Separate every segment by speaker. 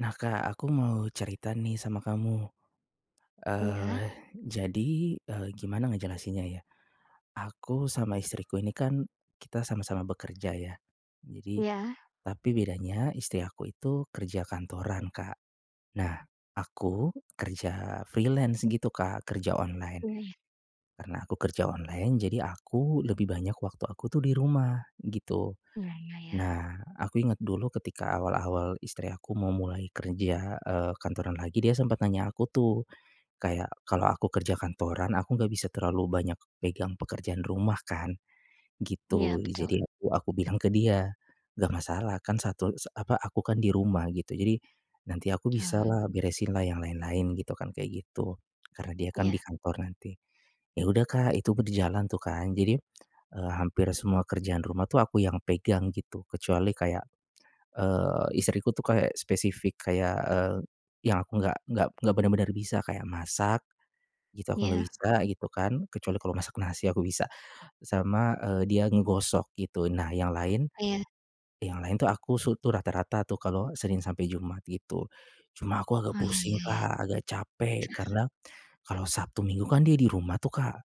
Speaker 1: Nah Kak, aku mau cerita nih sama kamu.
Speaker 2: Iya.
Speaker 1: Eee, jadi, eee, gimana ngejelasinnya ya, aku sama istriku ini kan kita sama-sama bekerja ya. Jadi
Speaker 2: Ya.
Speaker 1: tapi bedanya istri aku itu kerja kantoran Kak. Nah aku kerja freelance gitu Kak kerja online.
Speaker 2: Ini ya.
Speaker 1: Karena aku kerja online, jadi aku lebih banyak waktu aku tuh di rumah, gitu.
Speaker 2: Iya iya ya.
Speaker 1: Nah aku inget dulu ketika awal-awal istri aku mau mulai kerja, eee, kantoran lagi dia sempet nanya aku tuh kayak, "Kalau aku kerja kantoran, aku enggak bisa terlalu banyak pegang pekerjaan rumah kan,"
Speaker 2: Iya,
Speaker 1: gitu.
Speaker 2: betul.
Speaker 1: Jadi aku aku bilang ke dia, "Enggak masalah, kan satu sa apa, aku kan di rumah," gitu, "jadi nanti aku
Speaker 2: Ah
Speaker 1: bisalah
Speaker 2: be
Speaker 1: beresinlah yang lain-lain," gitu kan kayak gitu, karena dia kan
Speaker 2: iya.
Speaker 1: di kantor nanti. Ya udah Kak itu berjalan tuh kan. Jadi, eee, hampir semua kerjaan rumah tuh aku yang pegang gitu. Kecuali kayak, eee, istriku tuh kayak spesifik kayak, eee, yang aku enggak enggak bener-bener bisa kayak masak, gitu aku enggak
Speaker 2: Iya.
Speaker 1: bisa gitu kan. Kecuali kalau masak nasi aku bisa sama, eee, dia ngegosok gitu. Nah yang lain
Speaker 2: Iya.
Speaker 1: yang lain itu aku su tuh rata-rata tuh kalau Senin sampai Jumat gitu. Cuma aku agak
Speaker 2: Oh, ya
Speaker 1: pusing
Speaker 2: ya ya.
Speaker 1: Kak agak capek karena kalau Sabtu Minggu kan dia di rumah tuh Kak.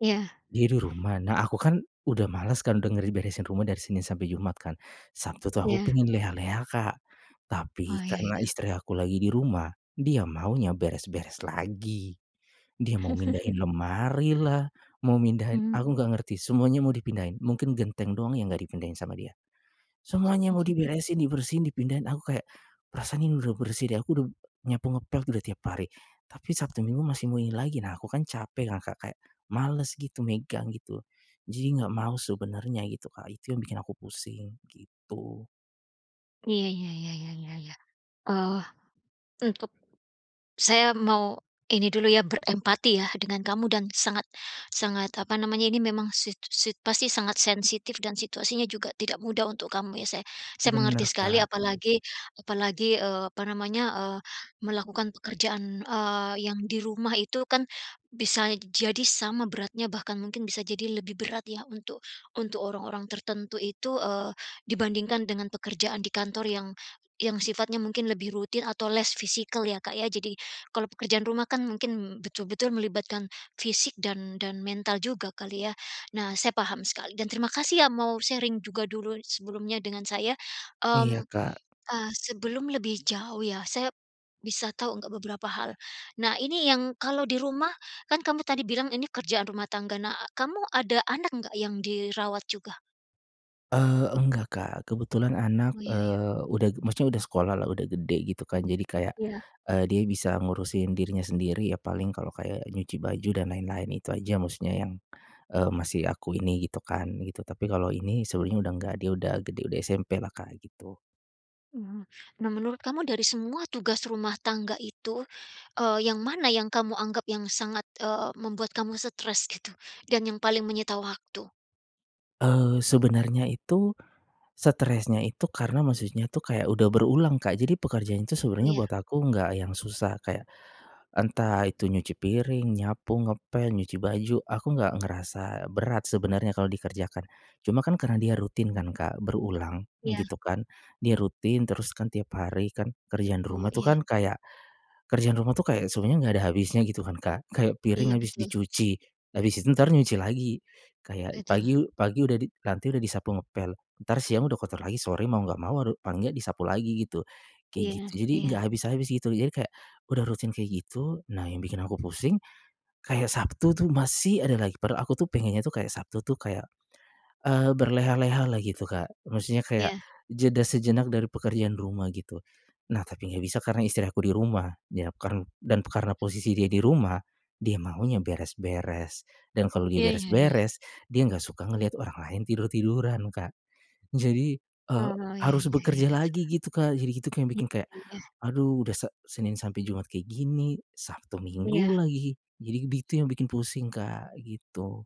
Speaker 2: Iya.
Speaker 1: Diri rumah, nah aku kan, udah males kan, dengeri beresin rumah dari Senin sampai Jumat kan, Sabtu tuh, aku
Speaker 2: Iya.
Speaker 1: pengen leha-leha, Kak.
Speaker 2: Oh,
Speaker 1: Tapi,
Speaker 2: iya iya.
Speaker 1: karena istri aku lagi di rumah, dia maunya beres-beres lagi. Dia mau mindahin lemarilah, mau mindahin,
Speaker 2: Hmm.
Speaker 1: aku enggak ngerti semuanya mau dipindahin, mungkin genteng doang yang enggak dipindahin sama dia. Semuanya mau diberesin, dibersihin, dipindahin, aku kayak, "Perasaan ini udah bersih deh," aku udah nyapu, ngepel udah tiap hari. Tapi, Sabtu, Minggu masih mau ini lagi, nah, aku kan, capek kan, Kak, kayak, males gitu, megang gitu. Jadi, enggak mau sebenernya gitu, Kak, itu yang bikin aku pusing, gitu.
Speaker 2: Iya iya iya iya iya iya. Oh. Untuk. Saya mau ini dulu ya, berempati ya, dengan kamu dan sangat sangat, apa namanya, ini memang sit sit pasti sangat sensitif, dan situasinya juga tidak mudah untuk kamu ya, saya saya
Speaker 1: Benar,
Speaker 2: mengerti sekali,
Speaker 1: Kak.
Speaker 2: apalagi apalagi, eee, apa namanya, eee, melakukan pekerjaan, eee, yang di rumah itu kan, bisa jadi sama beratnya, bahkan mungkin bisa jadi lebih berat ya, untuk untuk orang-orang tertentu itu, eee, dibandingkan dengan pekerjaan di kantor yang yang sifatnya mungkin lebih rutin atau less-physical ya, Kak, ya. Jadi, kalau pekerjaan rumah kan, mungkin betul-betul melibatkan fisik dan dan mental juga kali, ya. Nah, saya paham sekali, dan terima kasih ya, mau sharing juga dulu sebelumnya dengan saya,
Speaker 1: Iya,
Speaker 2: mmm,
Speaker 1: Kak.
Speaker 2: ah, sebelum lebih jauh ya, saya bisa tahu enggak beberapa hal. Nah, ini yang kalau di rumah, kan kamu tadi bilang ini kerjaan rumah tangga, nah kamu ada anak enggak yang dirawat, juga?
Speaker 1: Eee, enggak Kak, kebetulan anak,
Speaker 2: Oh iya iya.
Speaker 1: eee, udah maksudnya udah sekolah lah, udah gede gitu kan, jadi kayak,
Speaker 2: Iya.
Speaker 1: eee, dia bisa ngurusin dirinya sendiri. Ya paling kalau kayak, nyuci baju dan lain-lain itu aja maksudnya yang, eee, masih aku ini, gitu kan, gitu. Tapi kalau ini, sebenarnya udah enggak, dia udah gede, udah SMP lah Kak, gitu.
Speaker 2: Mmm, nah menurut kamu dari semua tugas rumah tangga itu, eee, yang mana yang kamu anggap yang sangat, eee, membuat kamu stres gitu, dan yang paling menyita waktu?
Speaker 1: Eee, sebenarnya itu, stresnya itu karena maksudnya itu kayak udah berulang, Kak, jadi pekerjaan itu
Speaker 2: Oh
Speaker 1: sebenarnya
Speaker 2: ya.
Speaker 1: buat aku enggak yang susah kayak, entah itu nyuci piring, nyapu, ngepel, nyuci baju, aku nggak ngerasa berat sebenarnya kalau dikerjakan. Cuma kan, karena dia rutin kan Kak, berulang,
Speaker 2: Iya.
Speaker 1: gitu kan, dia rutin, terus kan tiap hari kan, kerjaan di
Speaker 2: Oh,
Speaker 1: rumah itu
Speaker 2: iya.
Speaker 1: kan kayak, kerjaan rumah itu kayak sebenarnya enggak ada habisnya gitu kan, Kak. Kayak piring
Speaker 2: Iya
Speaker 1: habis
Speaker 2: betul.
Speaker 1: dicuci, habis itu entar nyuci lagi. Kayak
Speaker 2: Betul.
Speaker 1: pagi u pagi udah di nanti udah disapu ngepel, entar siang udah kotor lagi, sore mau enggak mau haru paling nggak disapu lagi gitu, kayak gitu.
Speaker 2: Iya
Speaker 1: Jadi
Speaker 2: iya.
Speaker 1: enggak habis-habis gitu, jadi kayak, udah rutin kayak gitu, nah yang bikin aku pusing, kayak Sabtu tuh masih ada lagi. Padahal aku tuh, pengennya tuh, kayak Sabtu tuh kayak, eee, berleha-lehalah gitu, Kak. Maksudnya kayak,
Speaker 2: Iya.
Speaker 1: jeda sejenak dari pekerjaan rumah gitu. Nah, tapi enggak bisa karena istri aku di rumah, ya karn dan karena posisi dia di rumah, dia maunya beres-beres, dan kalau dia
Speaker 2: Iya iya iya.
Speaker 1: beres-beres, dia enggak suka ngeliat orang lain tidur-tiduran, Kak. Jadi, eee,
Speaker 2: Oh, iya
Speaker 1: harus
Speaker 2: iya iya,
Speaker 1: bekerja
Speaker 2: betul.
Speaker 1: lagi gitu Kak, jadi itu kayak
Speaker 2: Iya
Speaker 1: bikin kayak,
Speaker 2: iya.
Speaker 1: aduh udah Se Senin sampai Jumat kayak gini, Sabtu Minggu
Speaker 2: Iya.
Speaker 1: lagi. Jadi begitu yang bikin pusing Kak, gitu.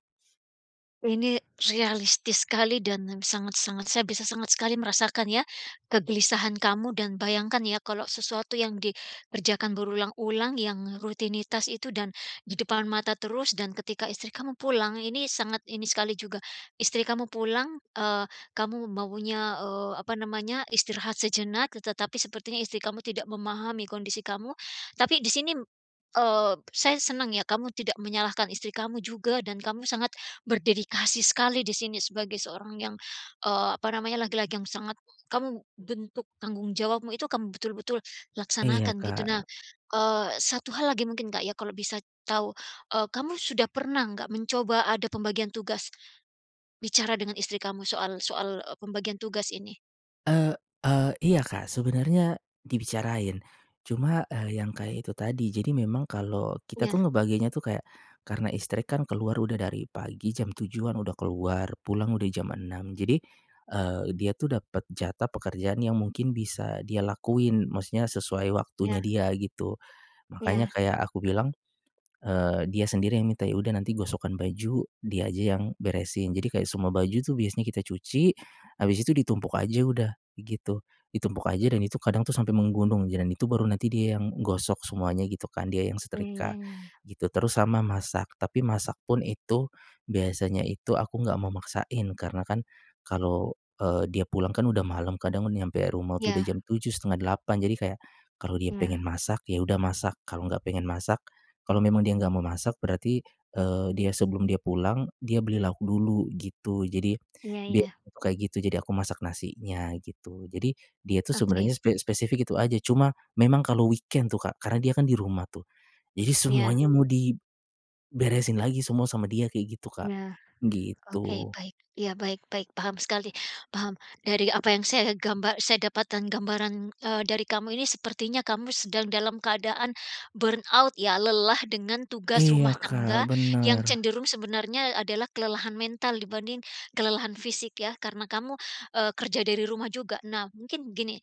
Speaker 2: Ini, realistis sekali dan sangat-sangat, saya bisa sangat sekali merasakan ya, kegelisahan kamu dan bayangkan ya kalau sesuatu yang dikerjakan berulang-ulang yang, rutinitas itu dan, di depan mata terus, dan ketika istri kamu pulang, ini sangat ini sekali juga. Istri kamu pulang, eee, kamu maunya, eee, apa namanya, istirahat sejenak, tetapi sepertinya istri kamu tidak memahami kondisi kamu. Tapi di sini, eee, saya senang ya, kamu tidak menyalahkan istri kamu juga dan kamu sangat, berdedikasi sekali di sini sebagai seorang yang, eee, apa namanya laki-laki yang sangat, kamu, bentuk tanggung jawabmu itu, kamu betul-betul,
Speaker 1: Iya,
Speaker 2: laksanakan gitu. Nah,
Speaker 1: Kak.
Speaker 2: eee, 1 hal lagi mungkin Kak ya kalau bisa tahu, e kamu sudah pernah nggak mencoba ada pembagian tugas, bicara dengan istri kamu soal soal, e pembagian tugas ini?
Speaker 1: E e iya, Kak, sebenarnya, dibicarain. Cuma, e yang kayak itu tadi, jadi memang kalau, kita
Speaker 2: Iya.
Speaker 1: tuh ngebaginya tuh kayak, karena istri kan keluar udah dari pagi, jam 7 kan udah keluar, pulang udah jam 6. Jadi, eee, dia itu dapat jatah pekerjaan yang mungkin bisa dia lakuin, maksudnya sesuai
Speaker 2: Ya.
Speaker 1: waktunya dia, gitu. Makanya
Speaker 2: Iya.
Speaker 1: kayak aku bilang, eee, dia sendiri yang minta, ya udah nanti gosokan baju, dia aja yang, beresin. Jadi kayak semua baju itu biasanya kita cuci, habis itu ditumpuk aja udah, gitu. Ditumpuk aja dan itu kadang itu sampai menggunung dan itu baru nanti dia yang gosok semuanya gitu kan, dia yang
Speaker 2: Iya, ya
Speaker 1: setrika,
Speaker 2: ya ya.
Speaker 1: gitu, terus sama masak. Tapi masak pun itu, biasanya itu aku enggak mau maksain. Karena kan, kalau, eee, dia pulang kan udah malem, kadang nyampe rumah itu udah
Speaker 2: Iya.
Speaker 1: jam 7:00, 7:30. Jadi kayak, kalau dia
Speaker 2: Iya.
Speaker 1: pengen masak, ya udah masak. Kalau enggak pengen masak, kalau memang dia enggak mau masak, berarti, eee, dia sebelum dia pulang, dia beli lauk dulu, gitu. Jadi,
Speaker 2: Iya
Speaker 1: biasanya
Speaker 2: iya.
Speaker 1: itu kayak gitu, jadi aku masak nasinya, gitu. Jadi, dia tuh
Speaker 2: Oke.
Speaker 1: sebenarnya spe spesifik itu aja, cuma memang kalau weekend tuh Kak, karena dia kan di rumah tuh, jadi
Speaker 2: Iya.
Speaker 1: semuanya mau diberesin lagi semua sama dia kayak gitu Kak.
Speaker 2: Ya,
Speaker 1: Gitu.
Speaker 2: oke, baik, ya, baik baik, paham sekali, paham. Dari apa yang saya gamba saya dapatkan gambaran, eee, dari kamu ini sepertinya kamu sedang dalam keadaan, burn out ya, lelah dengan tugas
Speaker 1: Iya,
Speaker 2: rumah tangga,
Speaker 1: Kak,
Speaker 2: yang
Speaker 1: benar.
Speaker 2: cenderung sebenarnya adalah kelelahan mental dibanding, kelelahan fisik ya. Karena kamu, e kerja dari rumah juga. Nah, mungkin gini,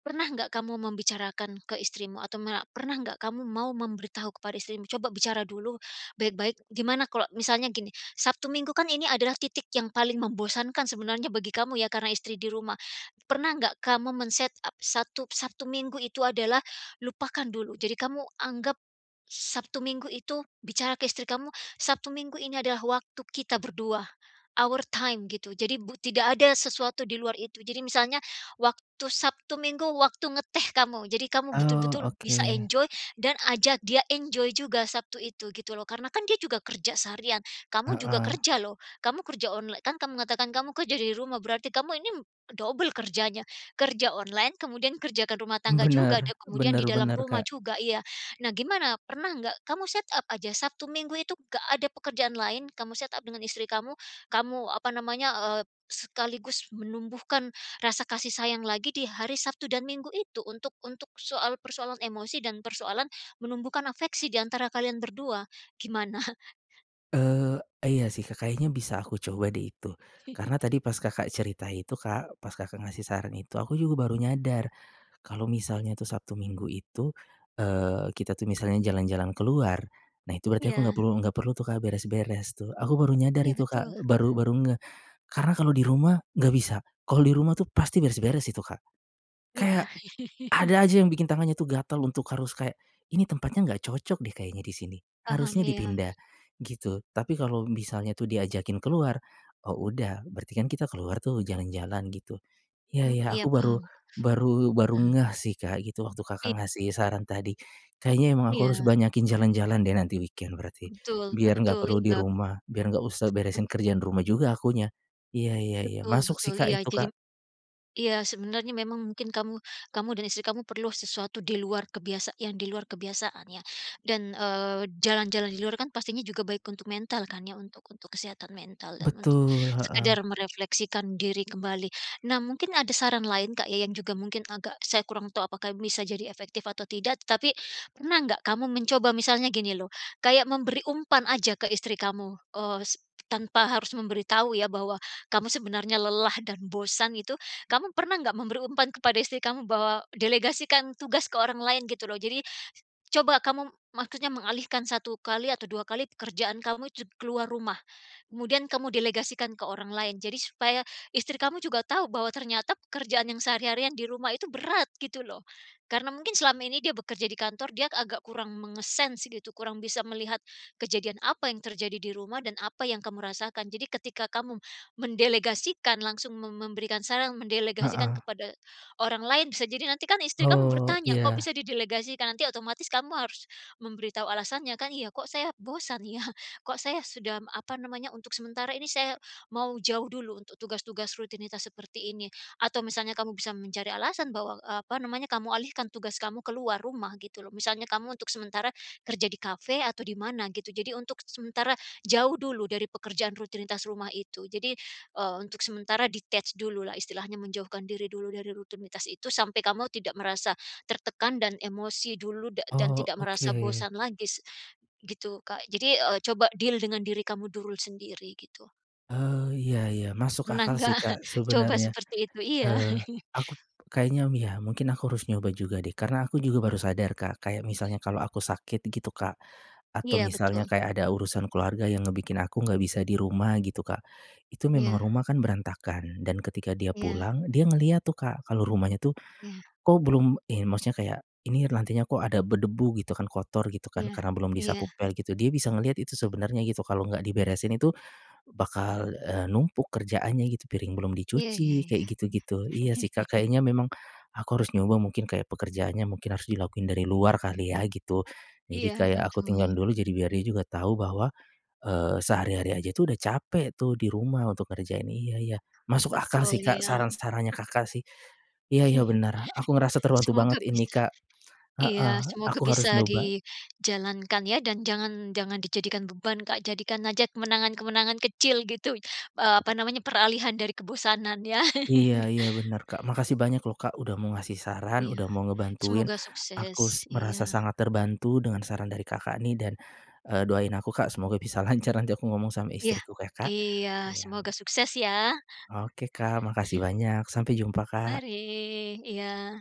Speaker 2: pernah nggak kamu membicarakan ke istrimu, atau ma pernah nggak kamu mau memberitahu kepada istrimu, coba bicara dulu, baik-baik, gimana kalau misalnya gini, Sabtu Minggu kan ini adalah titik yang paling membosankan sebenarnya bagi kamu ya karena istri di rumah. Pernah nggak kamu men-setup, satu Sabtu Minggu itu adalah, lupakan dulu. Jadi kamu anggap, Sabtu Minggu itu, bicara ke istri kamu, Sabtu Minggu ini adalah waktu kita berdua, our time gitu. Jadi bu tidak ada sesuatu di luar itu. Jadi misalnya, waktu Sabtu Minggu waktu ngeteh kamu, jadi kamu
Speaker 1: Oh,
Speaker 2: betul-betul bisa
Speaker 1: oke.
Speaker 2: enjoy, dan ajak dia enjoy juga Sabtu itu, gitu loh. Karena kan dia juga kerja seharian, kamu juga
Speaker 1: Heeh.
Speaker 2: kerja lho, kamu kerja online, kan kamu mengatakan kamu kerja dari rumah, berarti kamu ini, double kerjanya. Kerja online, kemudian kerjakan rumah tangga juga, dan
Speaker 1: Benar,
Speaker 2: kemudian
Speaker 1: benar
Speaker 2: di dalam
Speaker 1: benar
Speaker 2: rumah
Speaker 1: Kak.
Speaker 2: juga, iya. Nah, gimana, pernah nggak, kamu set up aja, Sabtu Minggu itu enggak ada pekerjaan lain, kamu set up dengan istri kamu, kamu apa namanya, eee, sekaligus menumbuhkan rasa kasih sayang lagi di hari Sabtu dan Minggu itu untuk untuk soal persoalan emosi dan persoalan menumbuhkan afeksi di antara kalian berdua, gimana?
Speaker 1: Eee, iya sih Kak kayaknya bisa aku coba deh itu. Karena tadi pas Kakak cerita itu Kak, pas Kakak ngasih saran itu, aku juga baru nyadar. Kalau misalnya tuh Sabtu Minggu itu, eee, kita tuh misalnya jalan-jalan keluar, nah itu berarti aku
Speaker 2: Iya.
Speaker 1: enggak perlu enggak perlu tuh Kak beres-beres tuh, aku baru nyadar
Speaker 2: Iya
Speaker 1: itu Kak,
Speaker 2: betul.
Speaker 1: baru baru ngeh. Karena kalau di rumah enggak bisa. Kalau di rumah tuh pasti beres-beres itu Kak.
Speaker 2: Iya.
Speaker 1: Kayak ada aja yang bikin tangannya tuh gatel untuk harus kayak, "Ini tempatnya enggak cocok deh kayaknya di sini.
Speaker 2: Paham
Speaker 1: Harusnya
Speaker 2: ya.
Speaker 1: dipindah," gitu. Tapi kalau misalnya tu diajakin keluar, oh udah, berarti kan kita keluar tuh jalan-jalan gitu. Iya
Speaker 2: M
Speaker 1: iya
Speaker 2: iya,
Speaker 1: aku baru
Speaker 2: paham.
Speaker 1: baru baru ngeh sih Kak gitu, waktu
Speaker 2: I
Speaker 1: Kakak ngasih saran tadi. Kayaknya emang aku harus
Speaker 2: Iya.
Speaker 1: banyakin jalan-jalan deh nanti weekend berarti
Speaker 2: Betul
Speaker 1: biar enggak
Speaker 2: betul,
Speaker 1: perlu di
Speaker 2: iya.
Speaker 1: rumah, biar enggak usah beresin
Speaker 2: Bet
Speaker 1: kerjaan rumah juga akunya. Iya iya iya,
Speaker 2: Betul
Speaker 1: masuk sih
Speaker 2: betul,
Speaker 1: Kak
Speaker 2: iya,
Speaker 1: itu Kak.
Speaker 2: jadi m iya sebenarnya memang mungkin kamu kamu dan istri kamu perlu sesuatu di luar kebiasa yang di luar kebiasaan ya. Dan, eee, jalan-jalan di luar kan pastinya juga baik untuk mental kan ya, untuk untuk kesehatan mental dan untuk
Speaker 1: Betul, heeh.
Speaker 2: sekedar merefleksikan diri kembali. Nah mungkin ada saran lain Kak ya yang juga mungkin agak saya kurang tahu apakah bisa jadi efektif atau tidak, tetapi pernah nggak kamu mencoba misalnya gini lho, kayak memberi umpan aja ke istri kamu, eee, s tanpa harus memberitahu ya bahwa kamu sebenarnya lelah dan bosan itu, kamu pernah nggak memberi umpan kepada istri kamu bahwa delegasikan tugas ke orang lain gitu loh? Jadi coba kamu maksudnya mengalihkan 1 kali atau 2 kali pekerjaan kamu jug keluar rumah, kemudian kamu delegasikan ke orang lain, jadi supaya istri kamu juga tahu bahwa ternyata pekerjaan yang sehari-harian di rumah itu berat gitu loh. Karena mungkin selama ini dia bekerja di kantor, dia agak kurang menge-sense gitu, kurang bisa melihat kejadian apa yang terjadi di rumah dan apa yang kamu rasakan, jadi ketika kamu mendelegasikan, langsung mem memberikan saran, mendelegasikan
Speaker 1: Heeh.
Speaker 2: kepada orang lain, bisa jadi nanti kan istri kamu
Speaker 1: Oh,
Speaker 2: bertanya, "Kok
Speaker 1: iya.
Speaker 2: bisa didelegasikan?" nanti otomatis kamu harus memberitahu alasannya kan? Iya, kok saya bosan ya? Kok saya sudah apa namanya, untuk sementara ini saya mau jauh dulu untuk tugas-tugas rutinitas seperti ini. Atau misalnya kamu bisa mencari alasan bahwa, eee, apa namanya, kamu alihkan tugas kamu keluar rumah gitu loh, misalnya kamu untuk sementara kerja di kafe atau di mana gitu, jadi untuk sementara jauh dulu dari pekerjaan rutinitas rumah itu. Jadi, eee, untuk sementara detach dulu lah istilahnya menjauhkan diri dulu dari rutinitas itu sampai kamu tidak merasa tertekan dan emosi dulu dak dan
Speaker 1: Oh,
Speaker 2: tidak merasa
Speaker 1: oke.
Speaker 2: bosan lagi, gitu Kak. Jadi, eee, coba deal dengan diri kamu dulu sendiri gitu.
Speaker 1: Oh iya iya. Masuk
Speaker 2: Pernah
Speaker 1: akal
Speaker 2: enggak?
Speaker 1: sih, Kak,
Speaker 2: coba
Speaker 1: sebenernya.
Speaker 2: seperti itu? Iya.
Speaker 1: Eee, akup kayaknya ya mungkin aku harus nyoba juga deh, karena aku juga baru sadar, Kak, kayak misalnya kalau aku sakit gitu, Kak, atau
Speaker 2: Iya
Speaker 1: misalnya
Speaker 2: betul.
Speaker 1: kayak ada urusan keluarga yang ngebikin aku enggak bisa di rumah, gitu, Kak. Itu memang
Speaker 2: Iya.
Speaker 1: rumah kan berantakan, dan ketika dia
Speaker 2: Iya.
Speaker 1: pulang, dia ngelihat tuh, Kak, kalau rumahnya tuh,
Speaker 2: Iya.
Speaker 1: kok belum in maksudnya kayak ini lantainya kok ada berdebu gitu kan, kotor gitu kan,
Speaker 2: Iya
Speaker 1: karena belum
Speaker 2: iya.
Speaker 1: disapu pel gitu. Dia bisa ngelihat itu sebenernya gitu, kalau enggak diberesin itu, bakal, eee, numpuk kerjaannya gitu. Piring belum
Speaker 2: Iya iya
Speaker 1: dicuci,
Speaker 2: iya.
Speaker 1: kayak gitu-gitu. Iya sih, Kak. Kayaknya memang aku harus nyoba mungkin kayak pekerjaannya mungkin harus dilakuin dari luar kali ya, gitu. Jadi
Speaker 2: Iya,
Speaker 1: kayak aku
Speaker 2: betul.
Speaker 1: tinggal dulu, jadi biar dia juga tahu bahwa, eee, sehari-hari aja itu udah capek tuh di rumah untuk kerjain, iya iya. Masuk akal
Speaker 2: Betul,
Speaker 1: sih, Kak,
Speaker 2: iya.
Speaker 1: saran-sarannya Kakak sih. Iya iya bener aku ngerasa terbantu banget
Speaker 2: Semoga bis
Speaker 1: ini, Kak, heeh,
Speaker 2: iya, semoga
Speaker 1: aku
Speaker 2: bisa
Speaker 1: harus nyoba.
Speaker 2: dijalankan ya, dan jangan jangan dijadikan beban, Kak, jadikan aja kemenangan-kemenangan kecil gitu, eee, apa namanya, peralihan dari kebosanan ya.
Speaker 1: Iya iya bener, Kak. Makasih banyak loh, Kak, udah mau ngasih saran,
Speaker 2: Iya,
Speaker 1: udah mau ngebantuin,
Speaker 2: semoga
Speaker 1: aku
Speaker 2: sukses.
Speaker 1: s
Speaker 2: Iya.
Speaker 1: merasa sangat terbantu dengan saran dari Kakak nih, dan, eee, doain aku, Kak, semoga bisa lancar nanti aku ngomong sama
Speaker 2: Iya.
Speaker 1: istriku ya, Kak.
Speaker 2: Iya,
Speaker 1: Iya ok
Speaker 2: semoga sukses ya.
Speaker 1: Oke, Kak. Makasih banyak. Sampai jumpa, Kak.
Speaker 2: Mari, iya.